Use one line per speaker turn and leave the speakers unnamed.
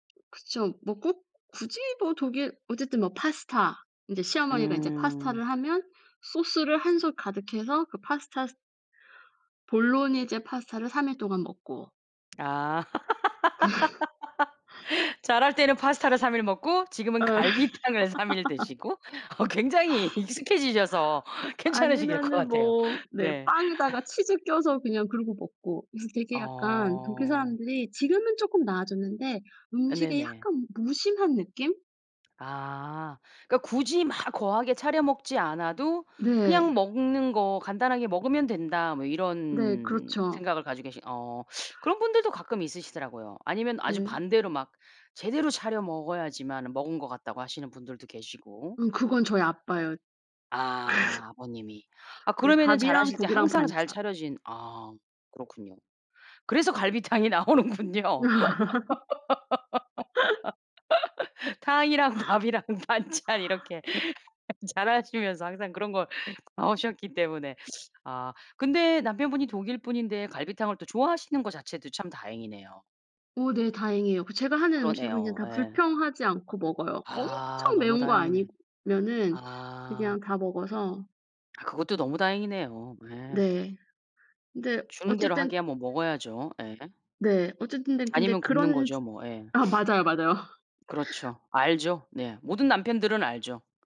그쵸. 뭐 꼭 굳이 뭐 독일 어쨌든 뭐 파스타 인제 시어머니가 인제
음.
파스타를 하면 소스를 1 솥 가득해서 그 파스타 스 볼로니제 파스타를 3 일 동안 먹고.
아. 자랄 때는 파스타를 3 일 먹고 지금은
어.
갈비탕을 3 일 드시고 어 굉장히 익숙해지셔서 괜찮으실 것
아니면은
같아요.
뭐 네
네.
빵에다가 치즈 껴서 그냥 그러고 먹고 그래서 되게 약간 독일
어.
사람들이 지금은 쪼끔 나아졌는데
어
음식에
네네.
약간 무심한 느낌?
아. 그러니까 굳이 막 거하게 차려 먹지 않아도 '그냥
네.
먹는 거 간단하게 먹으면 된다.' 뭐
네
이런
그렇죠.
생각을 가지고 계신 어 그런 분들도 가끔 있으시더라고요. 아니면 아주
예.
반대로 막 제대로 차려 먹어야지만은 먹은 것 같다고 하시는 분들도 계시고.
음 그건 저희 아빠예요. 그래서
아. 아버님이. 아
네
그러면은
밥이랑
자라실 때
국이랑
항상 잘
반찬.
차려진 아 그렇군요. 그래서 갈비탕이 나오는군요. 탕이랑 밥이랑 반찬 이렇게 자라시면서 항상 그런 거 나오셨기 때문에 아 근데 남편분이 독일 분인데 갈비탕을 또 좋아하시는 거 자체도 참 다행이네요.
어 네 다행이에요. 그 제가 하는 음식은 그냥
그러네요.
다
예.
불평하지 않고 먹어요.
아
엄청
너무
매운 거
다행이네.
아니면은
아.
그냥 다 먹어서
아 그것도 너무 다행이네요. 예.
네. 근데
주는 대로
어쨌든
하기야 뭐 먹어야죠. 예.
네. 어쨌든 근데 근데
아니면 굶는
그런
거죠,
츠
뭐. 예.
아 맞아요, 맞아요.
그렇죠. 알죠. 네 모든 남편들은 알죠.